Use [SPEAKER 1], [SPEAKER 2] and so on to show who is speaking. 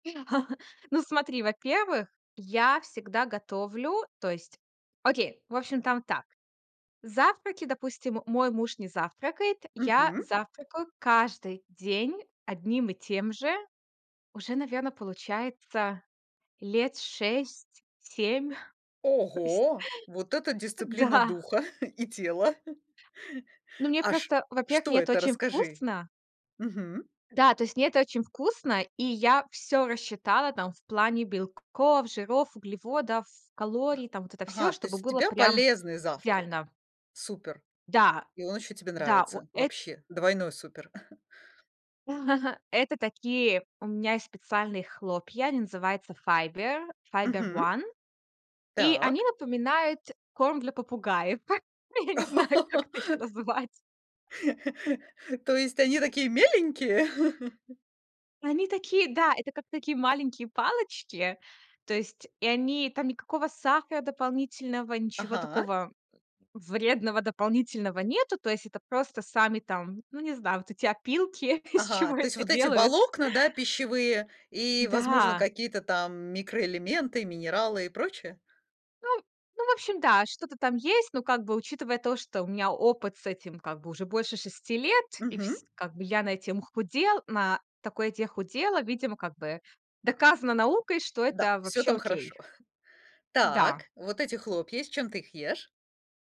[SPEAKER 1] Ну, смотри, во-первых, я всегда готовлю, то есть Окей, в общем, там так: завтраки, допустим, мой муж не завтракает, я
[SPEAKER 2] Мгм.
[SPEAKER 1] завтракаю каждый день одним и тем же уже, наверно, получается лет 6-7 То есть
[SPEAKER 2] Ого, вот это дисциплина
[SPEAKER 1] Да.
[SPEAKER 2] духа и тела.
[SPEAKER 1] Ну, мне
[SPEAKER 2] Аж
[SPEAKER 1] просто Во-первых,
[SPEAKER 2] что
[SPEAKER 1] мне это
[SPEAKER 2] это,
[SPEAKER 1] очень
[SPEAKER 2] расскажи.
[SPEAKER 1] вкусно.
[SPEAKER 2] Мгм.
[SPEAKER 1] Да, то есть мне это очень вкусно, и я всё рассчитала там в плане белков, жиров, углеводов, калорий, там, вот это всё,
[SPEAKER 2] Ага, то
[SPEAKER 1] чтобы
[SPEAKER 2] есть у
[SPEAKER 1] было
[SPEAKER 2] тебя
[SPEAKER 1] прям
[SPEAKER 2] полезный завтрак.
[SPEAKER 1] идеально.
[SPEAKER 2] Супер.
[SPEAKER 1] Да,
[SPEAKER 2] И он ещё тебе
[SPEAKER 1] да, во
[SPEAKER 2] нравится.
[SPEAKER 1] эт
[SPEAKER 2] Вообще двойной супер.
[SPEAKER 1] Это такие у меня есть специальные хлопья. Они называются Fiber. Fiber
[SPEAKER 2] Мгм.
[SPEAKER 1] One. И они
[SPEAKER 2] Так.
[SPEAKER 1] напоминают корм для попугаев. Я не знаю, как это ещё называть.
[SPEAKER 2] То есть они такие меленькие?
[SPEAKER 1] Они такие, да, это как такие маленькие палочки. То есть и они там никакого сахара дополнительного, ничего
[SPEAKER 2] Ага.
[SPEAKER 1] такого вредного дополнительного нету. То есть это просто сами там, ну, не знаю, вот эти опилки, из
[SPEAKER 2] Ага.
[SPEAKER 1] чего
[SPEAKER 2] То есть
[SPEAKER 1] это
[SPEAKER 2] вот эти
[SPEAKER 1] делают.
[SPEAKER 2] волокна, да, пищевые, и, возможно,
[SPEAKER 1] Да.
[SPEAKER 2] какие-то там микроэлементы, минералы и прочее?
[SPEAKER 1] Ну ну, в общем, да, что-то там есть. Но как бы, учитывая то, что у меня опыт с этим как бы уже больше 6 лет, и
[SPEAKER 2] Мгм.
[SPEAKER 1] вс как бы я на этим худел на такой еде худела, видимо, как бы
[SPEAKER 2] А.
[SPEAKER 1] доказано
[SPEAKER 2] [unintelligible]
[SPEAKER 1] наукой, что
[SPEAKER 2] Да,
[SPEAKER 1] это
[SPEAKER 2] всё
[SPEAKER 1] вообще
[SPEAKER 2] там
[SPEAKER 1] окей.
[SPEAKER 2] хорошо. Так,
[SPEAKER 1] Да.
[SPEAKER 2] вот эти хлопья. С чем ты их ешь?